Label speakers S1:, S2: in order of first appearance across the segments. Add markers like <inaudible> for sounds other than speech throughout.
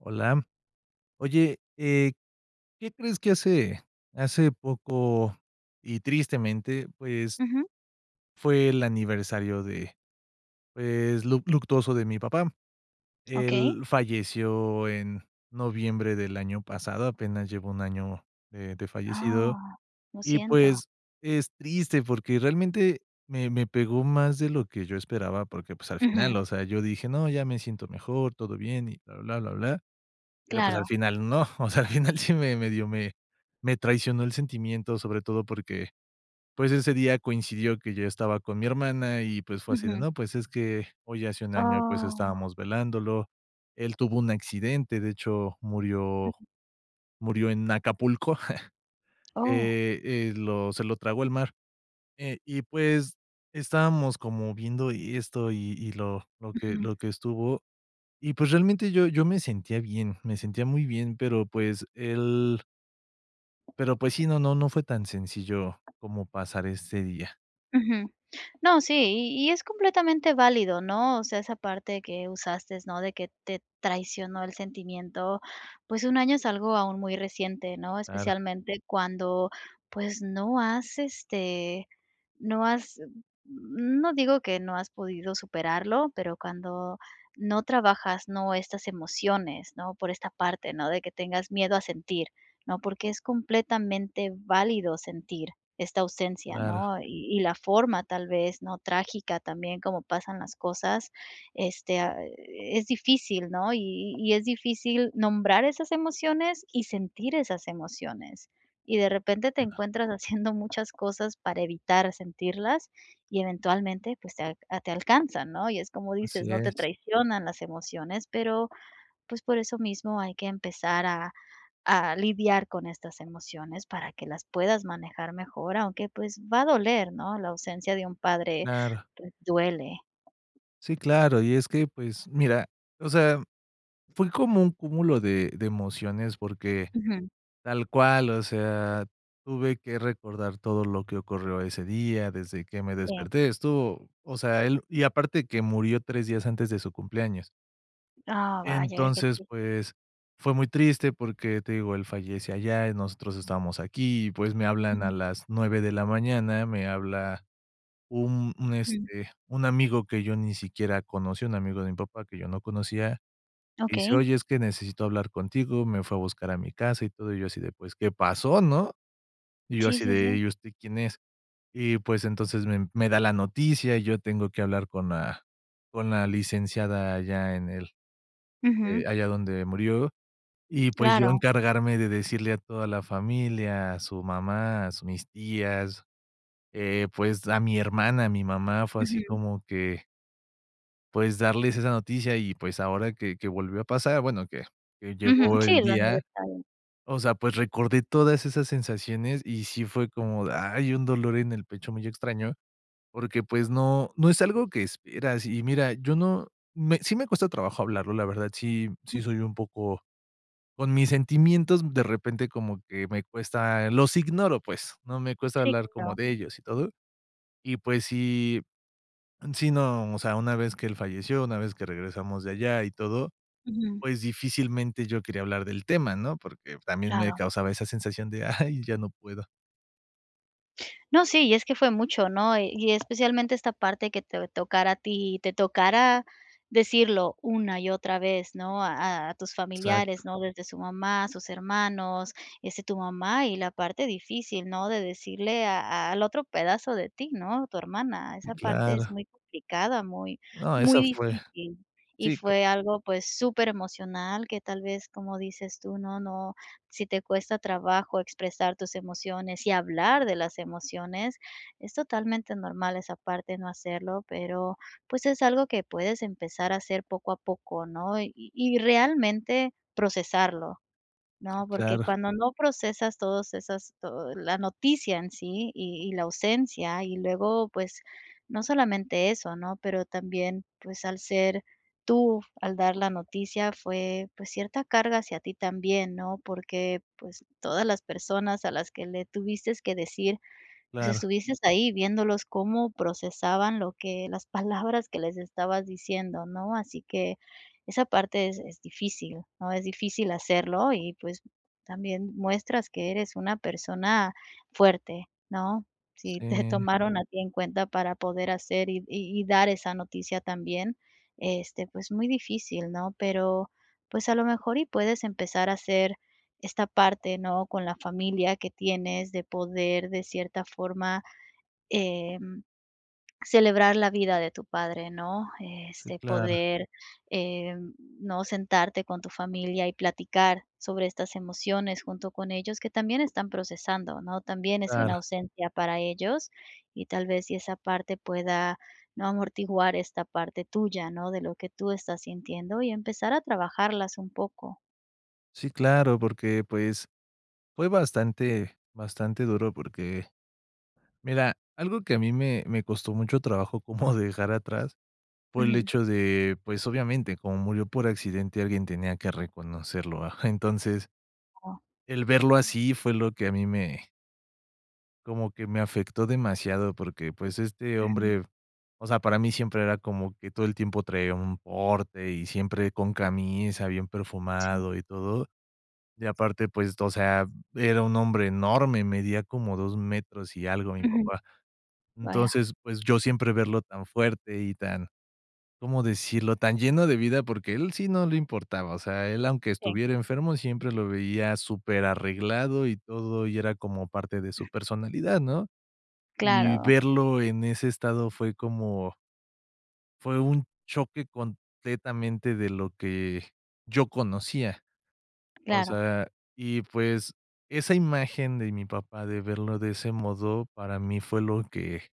S1: Hola. Oye, eh, ¿qué crees?, que hace hace poco y, tristemente, pues,
S2: Ujú.
S1: fue el aniversario de, pues, luc luctuoso de mi papá.
S2: Okey.
S1: Él falleció en noviembre del año pasado, apenas lleva 1 año de de fallecido,
S2: Ah. Lo
S1: y,
S2: siento.
S1: pues, es triste porque realmente me me pegó más de lo que yo esperaba porque, pues, al final,
S2: Ujú.
S1: o sea, yo dije: "No, ya me siento mejor, todo bien y bla, bla, bla, bla", pero, pues, al
S2: Claro.
S1: final no. O sea, al final sí me me dio, me me traicionó el sentimiento, sobre todo porque, pues, ese día coincidió que yo estaba con mi hermana y, pues, fue así de:
S2: Ujú.
S1: "No, pues es que hoy hace un año, pues,
S2: Oh.
S1: estábamos velándolo". Él tuvo un accidente, de hecho, murió murió en Acapulco, <chuckles>
S2: Oh.
S1: eh eh, lo se lo tragó el mar, eh, y, pues, estábamos como viendo esto y y lo lo que
S2: Ujú.
S1: lo que estuvo, y, pues, realmente yo yo me sentía bien. Me sentía muy bien, pero, pues, él Pero, pues sí. No no no fue tan sencillo, como pasar ese día.
S2: Ujú, no, sí, y y es completamente válido, ¿no? O sea, esa parte que usaste, ¿no? De que, te traicionó el sentimiento, pues, 1 año es algo aún muy reciente, ¿no?
S1: Claro.
S2: Especialmente cuando, pues, no has, este, no has, mm, no digo que no has podido superarlo, pero cuando no trabajas, ¿no? Estas emociones, ¿no? Por esta parte, ¿no? De que tengas miedo a sentir, ¿no? Porque es completamente válido sentir esta ausencia,
S1: Claro.
S2: ¿no? Y y forma tal vez, ¿no? Trágica también como pasan las cosas, este, ah, e es difícil, ¿no? Y y es difícil nombrar esas emociones y sentir esas emociones y de repente te
S1: Bueno.
S2: encuentras haciendo muchas cosas para evitar sentirlas y eventualmente, pues, te te alcanzan, ¿no? Y es como dices,
S1: Así
S2: ¿no? Te
S1: es.
S2: traicionan las emociones, pero, pues, por eso mismo hay que empezar a a lidiar con estas emociones para que las puedas manejar mejor, aunque, pues, va a doler, ¿no? La ausencia de un padre,
S1: Claro.
S2: pues, duele.
S1: Sí, claro. Y es que, pues mira, o sea, fue como un cúmulo de de emociones, porque,
S2: Ujú.
S1: tal cual. O sea, tuve que recordar todo lo que ocurrió ese día, desde que me
S2: Sí.
S1: desperté, estuvo O sea, él Y aparte que murió 3 días antes de su cumpleaños.
S2: Ah, vaya. Qué
S1: Entonces
S2: triste.
S1: pues, fue muy triste, porque te digo, él fallece allá, y nosotros estábamos aquí. Y pues, me hablan a
S2: Ujú.
S1: las 9 de la mañana. Me habla un un
S2: Ujú.
S1: este, un amigo que yo ni siquiera conocí, un amigo de mi papá que yo no conocía. Dice:
S2: Okey.
S1: "Oye, es que necesito hablar contigo". Me fue a buscar a mi casa, y todo. Y yo así de: "pues ¿Qué pasó?", ¿no? Y yo
S2: Sí,
S1: así
S2: sí,
S1: de:
S2: sí.
S1: "¿y usted quién es?". Y pues, entonces me me da la noticia. Y yo tengo que hablar con la con la Licenciada, allá en el,
S2: Ujú.
S1: eh, allá donde murió. Y pues, yo
S2: Claro.
S1: encargarme de decirle a toda la familia, a su mamá, a su mis tías. Eh, pues, a mi hermana, a mi mamá. Fue así
S2: Ujú.
S1: como que pues, darles esa noticia. Y pues, ahora que que volvió a pasar Bueno que que
S2: Ujú.
S1: llegó
S2: Sí,
S1: el
S2: el
S1: día.
S2: aniversario.
S1: O sea, pues, recordé todas esas sensaciones, y sí fue como de ¡Ay! Un dolor en el pecho muy extraño. Porque pues, no no es algo que esperas. Y mira, yo no me Sí me cuesta trabajo hablarlo. La verdad sí, sí, soy
S2: Ujú.
S1: un poco Con mis sentimientos, de repente como que me cuesta Los ignoro pues. No me cuesta
S2: Sí,
S1: hablar como
S2: claro.
S1: de ellos, y todo. Y pues si Sí, no. O sea, una vez que él falleció, una vez que regresamos de allá y todo,
S2: Ujú.
S1: pues, difícilmente yo quería hablar del tema, ¿no? Porque también me
S2: Claro.
S1: causaba esa sensación de: "¡ay! Ya no puedo".
S2: No, sí, y es que fue mucho, ¿no? Y especialmente esta parte que te tocara a ti, te tocara decirlo una y otra vez, ¿no? A a tus
S1: Exacto.
S2: familiares, ¿no? Desde su mamá, a sus hermanos, este, tu mamá y la parte difícil, ¿no? De decirle a al otro pedazo de ti, ¿no?, tu hermana.
S1: Sí,
S2: Esa parte es
S1: claro.
S2: muy complicada, muy,
S1: No,
S2: muy
S1: esa fue
S2: difícil y
S1: Sí, claro.
S2: fue algo, pues, superemocional que tal vez, como dices tú, ¿no? No Si te cuesta trabajo expresar tus emociones y hablar de las emociones, es totalmente normal esa parte, no hacerlo, pero, pues, es algo que puedes empezar a hacer poco a poco, ¿no? Y y realmente procesarlo,
S1: Sí,
S2: ¿no? Porque
S1: claro.
S2: cuando no procesas todos esas todo, la noticia en sí y y la ausencia y luego, pues, no solamente eso, ¿no? Pero también, pues, al ser tú, al dar la noticia, fue, pues, cierta carga hacia ti también, ¿no? Porque, pues, todas las personas a las que le tuviste que decir, pues,
S1: Claro.
S2: estuviste ahí viéndolos cómo procesaban lo que las palabras que les estabas diciendo, ¿no? Así que esa parte es es difícil, ¿no? Es difícil hacerlo y, pues, también muestras que eres una persona fuerte, ¿no? Sí te
S1: Sí.
S2: tomaron a ti en cuenta para poder hacer y y y dar esa noticia también, este, pues, muy difícil, ¿no?, pero pues a lo mejor y puedes empezar a hacer esta parte, ¿no?, con la familia que tienes, de poder de cierta forma, em, celebrar la vida de tu padre, ¿no?,
S1: Sí,
S2: este,
S1: claro.
S2: poder em, ¿no?, sentarte con tu familia y platicar sobre estas emociones junto con ellos, que también están procesando, ¿no? También es
S1: Claro.
S2: una ausencia para ellos y tal vez, si esa parte pueda, ¿no? Amortiguar esta parte tuya, ¿no?, de lo que tú estás sintiendo y empezar a trabajarlas un poco.
S1: Sí, claro, porque, pues, fue bastante bastante duro porque, mira, algo que a mí me me costó mucho trabajo <chuckles> como dejar atrás por el
S2: Ujú.
S1: hecho de, pues, obviamente, como murió por accidente, alguien tenía que reconocerlo, entonces
S2: Oh.
S1: el verlo así, fue lo que a mí me como que me afectó demasiado porque, pues, este
S2: Ujú.
S1: hombre, o sea, para mí siempre era como que todo el tiempo traía un porte y siempre con camisa, bien
S2: Sí.
S1: perfumado y todo. Y aparte, pues, o sea, era un hombre enorme, medía como 2 metros y algo, mi
S2: Ujú.
S1: papá,
S2: Vaya.
S1: entonces, pues, yo siempre verlo tan fuerte y tan, ¿cómo decirlo? Tan lleno de vida, porque a él sí no le importaba, o sea, él, aunque
S2: Sí.
S1: estuviera enfermo, siempre lo veía superarreglado y todo, y era como parte de su personalidad, ¿no? Y
S2: Claro.
S1: verlo en ese estado fue como fue un choque completamente de lo que yo conocía. O
S2: Claro.
S1: sea, y, pues, esa imagen de mi papá de verlo de ese modo, para mí fue lo que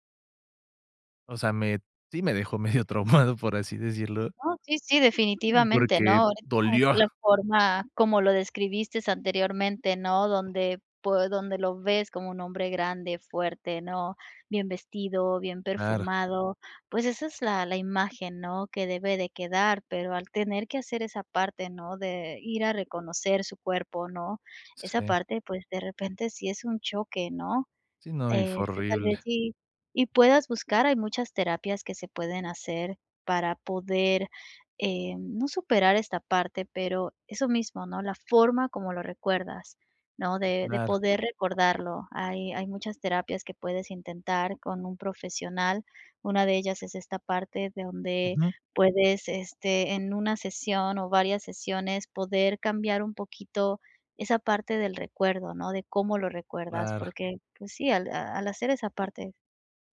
S1: O sea, me sí, me dejó medio <chuckles> traumado, por así decirlo
S2: No, sí sí, definitivamente,
S1: porque
S2: ¿no?
S1: dolió.
S2: La forma como lo describiste anteriormente, ¿no? Donde, pues, donde lo ves como un hombre grande, fuerte, ¿no? Bien vestido, bien
S1: Claro.
S2: perfumado. Pues, esa es la la imagen, ¿no?, que debe de quedar, pero al tener que hacer esa parte, ¿no?, de ir a reconocer su cuerpo, ¿no? Esa
S1: Sí.
S2: parte, pues, de repente, sí es un choque, ¿no?,
S1: Sí, no, y fue
S2: este, tal vez
S1: horrible.
S2: sí, y puedas buscar, hay muchas terapias que se pueden hacer para poder, eh, no superar esta parte, pero eso mismo, ¿no? La forma como lo recuerdas, ¿no?, de de
S1: Claro.
S2: poder recordarlo. Hay hay muchas terapias que puedes intentar con un profesional. Una de ellas es esta parte de donde
S1: Ujú.
S2: puedes, este, en una sesión, o varias sesiones poder cambiar un poquito esa parte del recuerdo, ¿no? De cómo lo recuerdas
S1: Claro.
S2: porque, pues, sí, al al hacer esa parte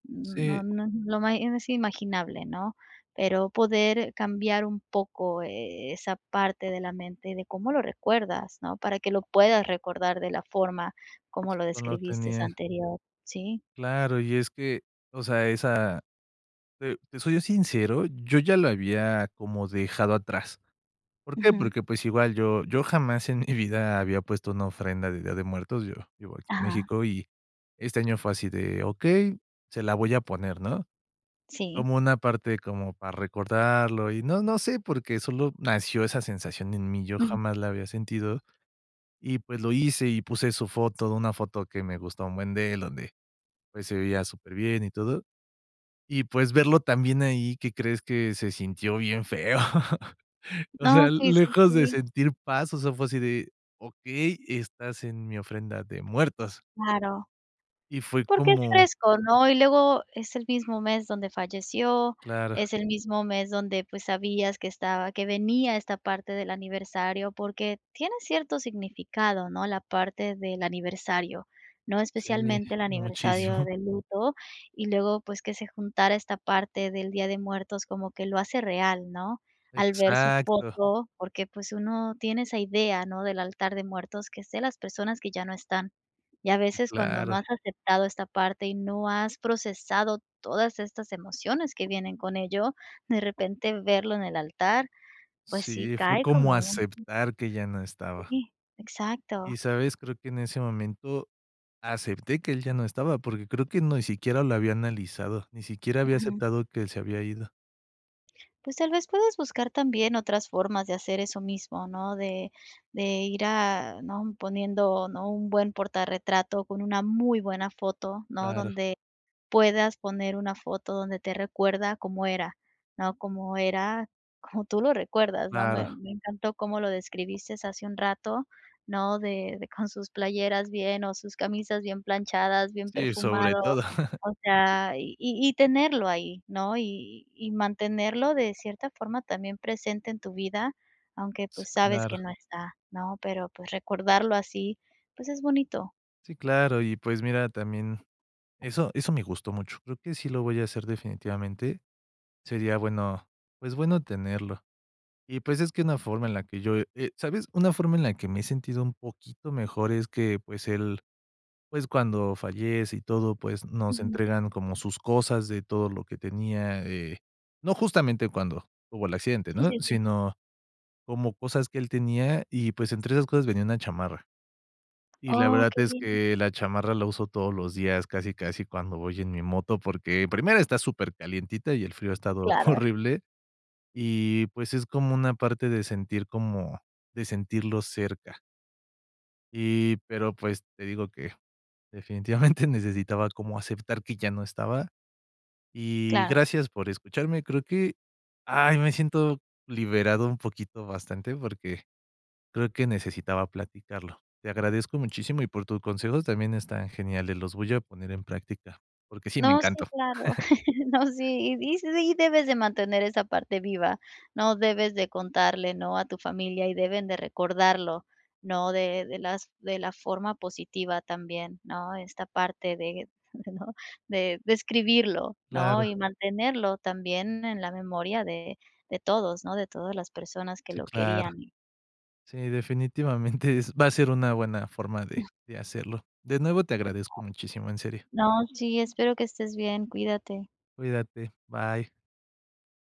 S2: no
S1: Sí.
S2: no lo es imaginable, ¿no?, pero poder cambiar un poco, eh eh, esa parte de la mente de cómo lo recuerdas, ¿no?, para que lo puedas recordar de la forma como lo
S1: No lo
S2: describiste
S1: tenía.
S2: anterior, ¿sí?
S1: Claro, y es que, o sea, esa, eh, te soy sincero. Yo ya lo había como dejado atrás, ¿por qué?
S2: Ujú.
S1: Porque pues, igual yo yo jamás en mi vida había puesto una ofrenda de Día de Muertos. Yo vivo aquí en
S2: Ajá.
S1: México y este año fue así de: "Okey, se la voy a poner", ¿no?
S2: Sí.
S1: Como una parte, como para recordarlo y no no sé porque solo nació esa sensación en mí. Yo
S2: Ujú.
S1: jamás la había sentido y pues, lo hice y puse su foto, una foto que me gusta un buen de él, donde, pues, se veía superbien y todo. Y, pues, verlo también ahí, ¿que crees?, que se sintió bien feo, <laughs> o
S2: No,
S1: sea,
S2: sí, sí,
S1: lejos de
S2: sí.
S1: sentir paz, o sea, fue así de: "Okey, estás en mi ofrenda de muertos"
S2: Claro.
S1: y fue
S2: Porque es
S1: como
S2: fresco, ¿no? Y luego es el mismo mes donde falleció,
S1: Claro.
S2: es el mismo mes donde, pues, sabías que estaba que venía esta parte del aniversario porque tiene cierto significado, ¿no?, la parte del aniversario, ¿no?,
S1: Sí,
S2: especialmente el
S1: muchísimo.
S2: aniversario
S1: <chuckles>
S2: de luto y luego, pues, que se juntara esta parte del Día de Muertos como que lo hace real, ¿no? Al ver su
S1: Exacto.
S2: foto porque, pues, uno tiene esa idea, ¿no? Del altar de muertos que es de las personas que ya no están, y a
S1: Sí,
S2: veces cuando no
S1: claro.
S2: has aceptado esta parte y no has procesado todas estas emociones que vienen con ello, de repente verlo en el altar, pues, sí
S1: Sí, fue
S2: cae
S1: como
S2: como un
S1: aceptar que ya no estaba
S2: Sí, exacto.
S1: y, ¿sabes?, creo que en ese momento, acepté que él ya no estaba, porque creo que ni siquiera lo había analizado. Ni siquiera había
S2: Ujú.
S1: aceptado que él se había ido.
S2: Pues tal vez puedes buscar también otras formas de hacer eso mismo, ¿no?, de de ir a ¿no?, poniendo, ¿no?, un buen portarretrato con una muy buena foto, ¿no?,
S1: Claro.
S2: donde puedas poner una foto donde te recuerda cómo era, ¿no?, cómo era como tú lo recuerdas, ¿no?
S1: Claro.
S2: Me-me encantó cómo lo describiste hace un rato, ¿no?, de de con sus playeras bien, o sus camisas bien planchadas, bien
S1: Sí, sobre
S2: perfumado.
S1: todo. <chuckles>
S2: O sea, y y y tenerlo ahí, ¿no? Y y mantenerlo de cierta forma también presente en tu vida, aunque,
S1: Sí,
S2: pues, sabes
S1: claro.
S2: que no está, ¿no?, pero, pues, recordarlo así, pues es bonito.
S1: Sí, claro. Y pues mira, también eso eso me gustó mucho. Creo que sí lo voy a hacer definitivamente. Sería bueno, pues, bueno tenerlo y, pues, es que una forma en la que yo eh, sabes, una forma en la que me he sentido un poquito mejor es que, pues él, pues cuando fallece y todo, pues nos
S2: Ujú.
S1: entregan como sus cosas de todo lo que tenía, eh, no justamente cuando hubo el accidente,
S2: Sí,
S1: ¿no?
S2: sí, sí.
S1: Sino como cosas que él tenía, y pues entre esas cosas, venía una chamarra. Y la
S2: Oh,
S1: verdad
S2: qué
S1: es
S2: bien.
S1: que la chamarra la uso todos los días, casi, casi cuando voy en mi moto, porque primero está supercalientita, y el frío ha estado
S2: Claro.
S1: horrible, y pues es como una parte de sentir como de sentirlo cerca. Y, pero, pues, te digo, que definitivamente necesitaba como aceptar que ya no estaba. Y
S2: Claro.
S1: gracias por escucharme. Creo que, ay, me siento liberado un poquito, bastante, porque creo que necesitaba platicarlo. Te agradezco muchísimo, y por tus consejos también están geniales, los voy a poner en práctica, porque sí me
S2: No, sí,
S1: encantó.
S2: claro.
S1: <chuckles>
S2: <chuckles> No, sí, y sí debes de mantener esa parte viva, ¿no?, debes de contarle, ¿no?, a tu familia y deben de recordarlo, ¿no?, de de las de la forma positiva también, ¿no?, esta parte de de <chuckles> ¿no?, de describirlo, ¿no?,
S1: Claro.
S2: y mantenerlo también en la memoria de de todos, ¿no?, de todas las personas que
S1: Sí,
S2: lo
S1: claro.
S2: querían y
S1: Sí, definitivamente es va a ser una buena forma de de
S2: <unintelligible>
S1: hacerlo de nuevo. Te agradezco
S2: <unintelligible>
S1: muchísimo. En serio.
S2: No, sí, espero que estés bien. Cuídate.
S1: Cuídate. Bye.